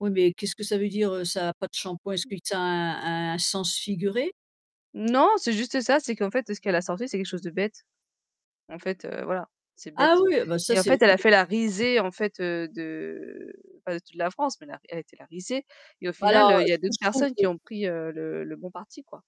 Oui, mais qu'est-ce que ça veut dire? Heu, ça a pas de shampoing. Est-ce que tu as un un sens figuré? Non, c'est juste ça. C'est qu'en fait, heu, ce qu'elle a sorti, c'est quelque chose de bête. En fait, heu, voilà, c'est Ah bête oui! Ah bah, ça et en c'est fait, elle a fait la [unintelligible] risée en fait, heu, de pas de toute la France, mais elle a été la risée et au final, Alors, heu, heu, il y a ce que d'autres je trouve personnes que qui ont pris heu, le le bon parti, quoi.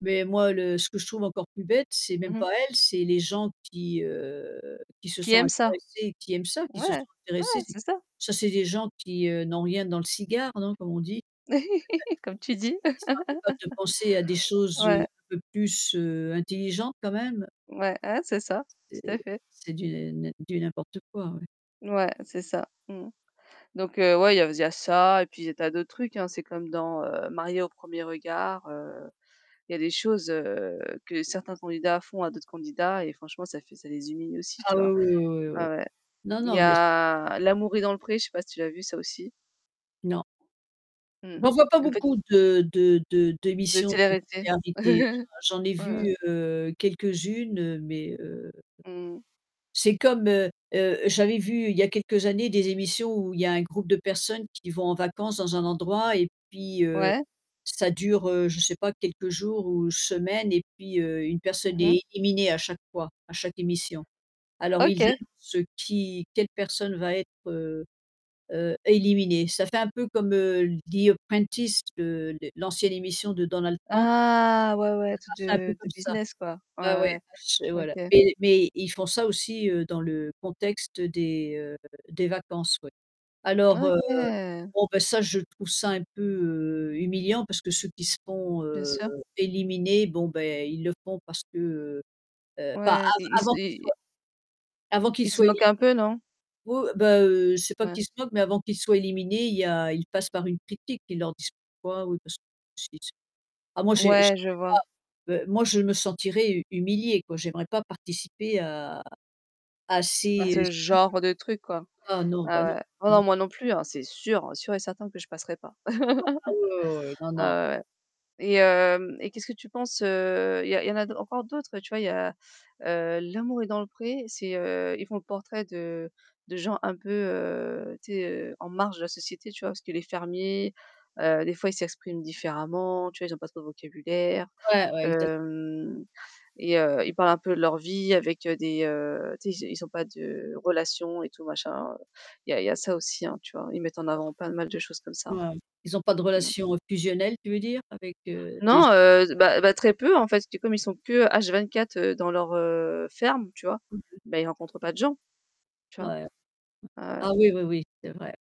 mais moi le ce que je trouve encore plus bête, c'est même Mmh mh. pas elle, c'est les gens qui, heu, qui se Qui sont aiment ça. intéressés, qui aiment ça, qui Ouais, se sont intéressés. ouais, C'est c'est ça. ça, c'est des gens qui, heu, n'ont rien dans le cigare, non? Comme on dit. Comme [unintelligible] tu et qui dis. qui sont incapables de penser à des choses, heu, Ouais. un peu plus, heu, intelligentes quand même. Ouais, ouais c'est ça, tout C'est à fait. c'est du n'im du n'importe quoi, ouais. Ouais, c'est ça. Mmh mh. Donc heu, ouais, il y a aus il y a ça et puis il des tas d'autres trucs, hein. C'est comme dans, heu, Mariés au premier regard, heu, il y a des choses, heu, que certains candidats font à d'autres candidats et franchement ça fait ça les humilie aussi, Ah tu vois? oui oui oui oui Ouais oui. ouais. Non Il y non, mais s a L'amour est dans le pré, je sais pas si tu l'as vu ça aussi? Non. Mmh mh. Bah on voit pas Une petite beaucoup de de de De d'émissions de téléréalité. téléréalité. J'en j'en ai Ouais, ouais. vu, heu, quelques-unes, heu, mais heu, Mmh. c'est comme, heu heu, j'avais vu il y a quelques années des émissions où il y a un groupe de personnes qui vont en vacances dans un endroit et puis heu, Ouais. ça dure, heu, je sais pas, quelques jours ou semaines et puis heu, une Mmh personne mh. est éliminée à chaque fois, à chaque émission. Alors ils OK. annoncent, heu, qui, quelle personne va être, heu heu, éliminée. Ça fait un peu comme, heu, The Apprentice, le l'ancienne émission de Donald Trump. Ah, ouais ouais, Ça tout marchait un peu de de comme ça. business quoi. Ouais, ouais, Ouais, bah ch et ouais, voilà OK. mais mais ils font ça aussi, heu, dans le contexte des, heu, des vacances ouais. Alors heu, OK. bon ben ça je trouve ça un peu, heu, humiliant parce que ceux qui se font, Bien heu, sûr. éliminer, bon, beh, ils le font parce que, heu heu, pas Ouais, av i ils se avant qu'ils ils soient avant ils qu'ils se soient moquent éli un peu non? Oui oh, bah, heu, c'est pas Ouais. qu'ils se moquent, mais avant qu'ils soient éliminés, il y a ils passent par une critique, ils leur disent pourquoi. Oui parce que [unintelligible] ah moi j'ai Ouais, je vois. j'aimerais pas. Heu, moi je me sentirais hu humiliée quoi. J'aimerais pas participer à à Bah ces, heu, ce émissions. genre de truc quoi. Ah non, bah Ah non. ouais. Ah non Non. moi non plus, hein, c'est sûr. Sûr et certain que je passerai pas. Oui non. Ah oui oui oui. Non non. Ah ouais ouais et hem et qu'est-ce que tu penses, heu, il y a il y en a d encore d'autres, heu, tu vois? Il y a, heu, L'amour est dans le pré. C'est, heu, ils font le portrait de de gens un peu, heu, tu sais, heu, en marge de la société, tu vois? Parce que les fermiers, heu, des fois ils s'expriment différemment, tu vois? Ils ont pas trop de vocabulaire, Ouais, ouais exac hem et heu, ils parlent un peu leur vie avec, heu, des, heu, tu sais, ils ont ils ont pas de relations et tout machin. Il y a il y a ça aussi, tu vois? Ils mettent en [unintelligible] avant pas mal de choses comme ça. Ouais, ouais. Ils ont pas de Mmh mh. relation, heu, fusionnelle, tu veux dire? Avec heu, des Non, [unintelligible] heu, d bah bah, très peu en fait. Du comme ils sont que H24 dans leur, heu, ferme, tu vois? [unintelligible] Bah ils rencontrent pas de gens, tu vois? Ouais. Ah ouais. Ah oui oui oui, c'est vrai.